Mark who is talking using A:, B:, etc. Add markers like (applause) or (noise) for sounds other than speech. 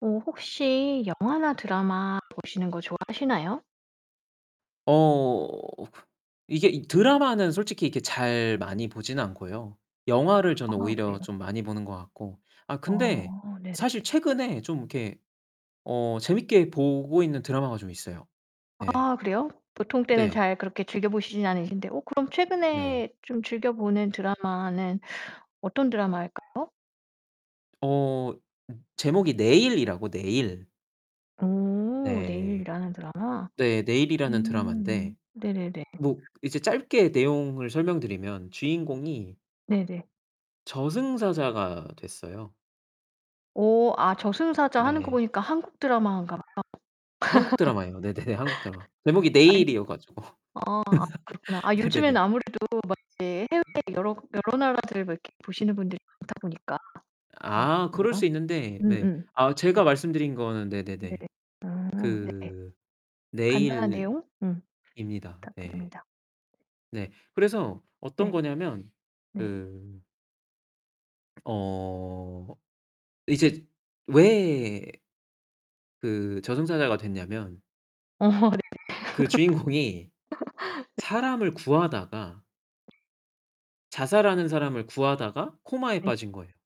A: 어 혹시 영화나 드라마 보시는 거 좋아하시나요?
B: 어 이게 이 드라마는 솔직히 이렇게 잘 많이 보지는 않고요. 영화를 저는
A: 아
B: 오히려
A: 그래요?
B: 좀 많이 보는 것 같고 아 근데
A: 어 네네.
B: 사실 최근에 좀 이렇게 어 재미있게 보고 있는 드라마가 좀 있어요. 예.
A: 아 그래요? 보통 때는
B: 네.
A: 잘 그렇게 즐겨보시지는 않으신데 어 그럼
B: 네.
A: 최근에 좀 즐겨보는 드라마는 어떤 드라마일까요?
B: 어. 음. 제목이 내일이라고, 내일.
A: 오.
B: 네.
A: 내일이라는 드라마.
B: 네. 내일이라는
A: 음.
B: 드라마인데
A: 네네네.
B: 뭐 이제 짧게 내용을 설명드리면 주인공이
A: 네네.
B: 저승사자가 됐어요.
A: 오. 아 저승사자 하는 거
B: 네.
A: 보니까 한국 드라마인가 봐요. (laughs)
B: 한국 드라마예요. 네네네, 한국 드라마. 제목이
A: 아니 아
B: 내일이어 가지고.
A: 아 그렇구나.
B: (laughs)
A: 아 요즘에는
B: 네네네.
A: 아무래도 막 이제 해외 여러 여러 나라들 막 이렇게 보시는 분들이 많다 보니까 어
B: 아 그럴 수
A: 좋네요.
B: 있는데 네.
A: 음음.
B: 아
A: 네.
B: 제가 말씀드린 거는
A: 네.
B: 네네네.
A: 아 네. 네. 아 네.
B: 그
A: 간단한 내용
B: 내일입니다.
A: 음
B: 네.
A: 부탁드립니다.
B: 네. 그래서 어떤
A: 네.
B: 거냐면
A: 네.
B: 그 어 이제 왜 그 저승사자가 됐냐면
A: 어. 네네. (laughs) 네.
B: 그 주인공이 사람을 구하다가
A: 네.
B: 자살하는 사람을 구하다가 코마에
A: 네.
B: 빠진 거예요.